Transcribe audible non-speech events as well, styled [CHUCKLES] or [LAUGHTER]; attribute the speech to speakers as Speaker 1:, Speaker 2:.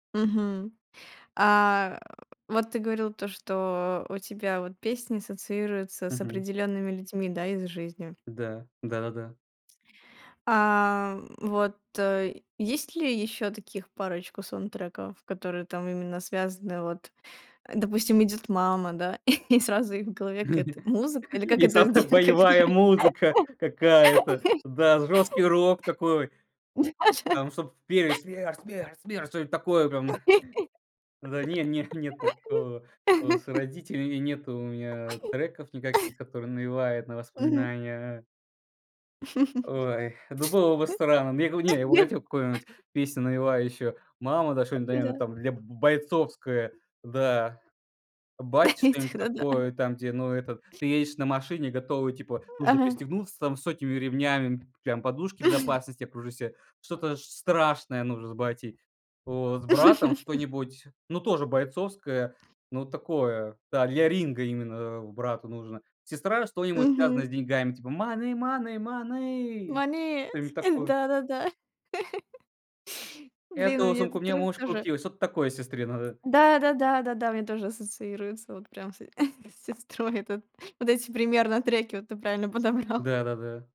Speaker 1: Мгм, а, э, вот ты говорил то, что у тебя вот песни ассоциируются с
Speaker 2: Мгм.
Speaker 1: определёнными людьми, да, из жизни?
Speaker 2: Да, да-да-да.
Speaker 1: А, м, вот, э, есть ли ещё таких парочку саундтреков, которые там именно связаны, вот, а, допустим, идёт мама, да, [CHUCKLES] и сразу и в голове
Speaker 2: Не-не.
Speaker 1: какая-то музыка? Или как
Speaker 2: И с
Speaker 1: это
Speaker 2: авто
Speaker 1: где как это?
Speaker 2: боевая музыка какая-то, да, жёсткий рок такой.
Speaker 1: [LAUGHS] Да-да.
Speaker 2: Там чтоб п пели "Смерть, смерть, смерть", что-нибудь такое прям. [CHUCKLES] Да не, не, нет такого. Э, с
Speaker 1: [LAUGHS]
Speaker 2: родителями нету у меня треков никаких,
Speaker 1: [LAUGHS]
Speaker 2: которые навевают на
Speaker 1: Мгм.
Speaker 2: воспоминания. Ой, ну было бы странно. Мне го не, я бы хотел какую-нибудь
Speaker 1: [LAUGHS]
Speaker 2: песню навевающую. "Мама", да что-нибудь, наверное,
Speaker 1: Да.
Speaker 2: там, для б бойцовское. Да. Бате
Speaker 1: Этих,
Speaker 2: что-нибудь
Speaker 1: да-да.
Speaker 2: такое, там, где, ну это, ты едешь на машине, готовый, типа, нужно
Speaker 1: Ага.
Speaker 2: пристегнуться там с сотнями ремнями, м, прям подушки
Speaker 1: [CHUCKLES]
Speaker 2: безопасности окружи ся, что-то ш страшное нужно с батей, вот. С братом
Speaker 1: [LAUGHS]
Speaker 2: что-нибудь, ну тоже бойцовское, ну такое, да, для ринга именно, а брату нужно. Сестра- что-нибудь связанное с
Speaker 1: Мгм.
Speaker 2: деньгами, типа: "Money, money, money"
Speaker 1: Money,
Speaker 2: что-нибудь
Speaker 1: э,
Speaker 2: такое.
Speaker 1: да-да-да. [LAUGHS] Блин, у
Speaker 2: "Эту
Speaker 1: меня
Speaker 2: сумку
Speaker 1: этот
Speaker 2: мне
Speaker 1: трек
Speaker 2: муж
Speaker 1: тоже
Speaker 2: купил". Что-то такое сестре надо.
Speaker 1: Да да да да да, у меня тоже ассоциируется вот прям с [CHUCKLES] с сестрой этот вот эти примерно треки, вот ты правильно подобрал.
Speaker 2: Да-да-да.